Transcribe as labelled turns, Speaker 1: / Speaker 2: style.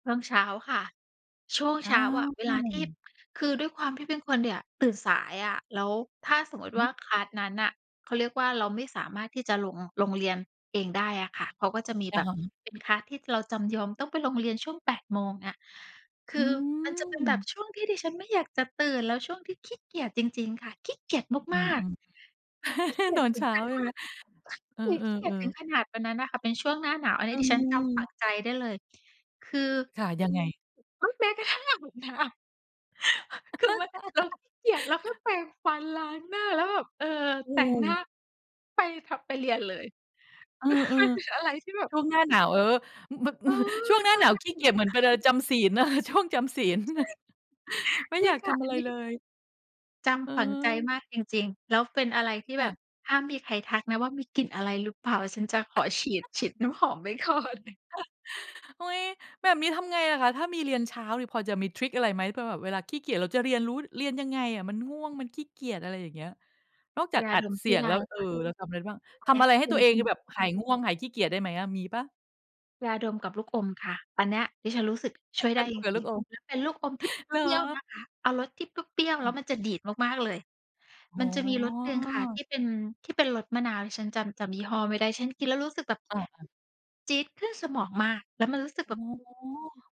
Speaker 1: ช่วงเช้าค่ะ ช่วง
Speaker 2: อ
Speaker 1: เ
Speaker 2: า
Speaker 1: ช้าอะ เวลาที่ คือด้วยความที่เป็นคนเนี่ย ตื่นสายอะ แล้วถ้าสมมุติว่า
Speaker 2: หือ
Speaker 1: คลาส นั้นน่ะ เขาเรียกว่า เราไม่สามารถที่จะลง ลงเรียนเองได้อะค่ะ เขาก็จะมี
Speaker 2: อ
Speaker 1: แบ
Speaker 2: ะ
Speaker 1: บ
Speaker 2: ฮะ
Speaker 1: เป็น คลาส ที่เราจำยอม ต้องไปลงเรียนช่วง 8 โมงอะ ค
Speaker 2: อื
Speaker 1: ือมันจะเป็นแบบ
Speaker 2: ม
Speaker 1: ช่วงที่ดิฉันไม่อยากจะตื่น แล้วช่วงที่ขี้เกียจจริง ๆ ค่ะ ขี้เกียจ
Speaker 2: อื
Speaker 1: มาก ๆ
Speaker 2: ม ๆ
Speaker 1: ขี้เกี
Speaker 2: ต
Speaker 1: ยจ
Speaker 2: อน
Speaker 1: ถึ
Speaker 2: เช
Speaker 1: ง
Speaker 2: ้า
Speaker 1: ข
Speaker 2: ใช
Speaker 1: น
Speaker 2: ่ไห
Speaker 1: า
Speaker 2: ม?
Speaker 1: ด
Speaker 2: เออ
Speaker 1: ขี้เกียจถึง
Speaker 2: ๆ ๆ
Speaker 1: ขนาดวันนั้นน่ะค่ะ เป็นช่วงหน้าหนาว อันน
Speaker 2: อ
Speaker 1: ี้ดิฉันจำฝ
Speaker 2: ื
Speaker 1: ั
Speaker 2: ม
Speaker 1: งใจได้เลย คือ
Speaker 2: ค่ะ ยังไง?
Speaker 1: อ้าว แม้กระทั่ง อาบน้ำ คือว่า เราขี้เกียจ เราแค่แปรงฟัน ล้างหน้า แล้วแบบ เออ
Speaker 2: อื
Speaker 1: แต่งหน้
Speaker 2: ม
Speaker 1: าไปทำ ไปเรียนเลย
Speaker 2: เออ
Speaker 1: มันเป็นอะไร ที่แบบ
Speaker 2: ๆ ช่วงหน้าหนาว เออ ม
Speaker 1: เอ
Speaker 2: ม ช่วง
Speaker 1: อ
Speaker 2: หน้าหนาวขี้เกียจเหมือนเป็น เออ จำศีล ช่วงจำศีล
Speaker 1: ใช่
Speaker 2: ไม่
Speaker 1: จร
Speaker 2: อย
Speaker 1: ิง
Speaker 2: าก
Speaker 1: ค
Speaker 2: ท
Speaker 1: ่ะ
Speaker 2: ำอ
Speaker 1: อ
Speaker 2: ะ
Speaker 1: ั
Speaker 2: ไ
Speaker 1: น
Speaker 2: ร
Speaker 1: นี้
Speaker 2: เลย
Speaker 1: จำฝังใจ
Speaker 2: เออ
Speaker 1: มากจริง ๆ แล้วเป็นอะไรที่
Speaker 2: ค
Speaker 1: แ
Speaker 2: ่
Speaker 1: บ
Speaker 2: ะ
Speaker 1: บห้ามมีใครทักนะว่า มีกลิ่นอะไรหรือเปล่า ฉันจะขอฉีด ฉีดน้ำหอม ไว้ก่อน
Speaker 2: อุ๊ย แบบนี้ทำไงล่ะคะ ถ้ามีเรียนเช้านี่ พอจะมีทริกอะไรไหม เพื่อแบบเวลาขี้เกียจเราจะเรียนรู้ เรียนยังไงอะ มันง่วง มันขี้เกียจ อะไรอย่างเงี้ย นอกจา
Speaker 1: ย
Speaker 2: ก
Speaker 1: า
Speaker 2: อั
Speaker 1: ด
Speaker 2: ด
Speaker 1: ม
Speaker 2: เ
Speaker 1: ช
Speaker 2: สี
Speaker 1: ่วย
Speaker 2: ยง
Speaker 1: ได
Speaker 2: แ
Speaker 1: ้
Speaker 2: ล้ว เอ
Speaker 1: ค
Speaker 2: อ
Speaker 1: ่ะ
Speaker 2: เราทำอะไรได้บ้าง
Speaker 1: ขอ
Speaker 2: ท
Speaker 1: แค
Speaker 2: ำ
Speaker 1: ่
Speaker 2: อะไรให้
Speaker 1: ย
Speaker 2: ตั
Speaker 1: า
Speaker 2: วเอ
Speaker 1: ด
Speaker 2: ง ค
Speaker 1: ม
Speaker 2: ือแบบหายง่วง หายขี้เกียจได้ไหมอะ มีเปล่า?
Speaker 1: ยาดมกับลูกอมค่ะ อันเนี้ยดิฉันรู้สึกช่วย
Speaker 2: ย
Speaker 1: ได
Speaker 2: า
Speaker 1: ้
Speaker 2: ดม
Speaker 1: จร
Speaker 2: กับล
Speaker 1: ิ
Speaker 2: ู
Speaker 1: ง
Speaker 2: กอม
Speaker 1: ๆ แล้วเป็นลูกอมที่
Speaker 2: เหร
Speaker 1: เปรี้ยว
Speaker 2: อ?
Speaker 1: นะคะ เอารสที่เปรี้ยว
Speaker 2: อ
Speaker 1: ๆ
Speaker 2: ้
Speaker 1: แล้
Speaker 2: อ
Speaker 1: วมันจะดีดมาก ๆ เลย
Speaker 2: อ
Speaker 1: ม
Speaker 2: ๋
Speaker 1: ั
Speaker 2: อ
Speaker 1: นจะมีรสหนึ่งค่ะที่เป็น ที่เป็นรสมมะนาว ดิฉันจำ จำยี่ห้อไม่ได้ ฉันกินแล้วรู้สึกแบบ...
Speaker 2: อา ๆ
Speaker 1: จี๊ดขึ้นสมองมาก แล้วมันรู้สึก
Speaker 2: อ
Speaker 1: แบบ
Speaker 2: ๋อ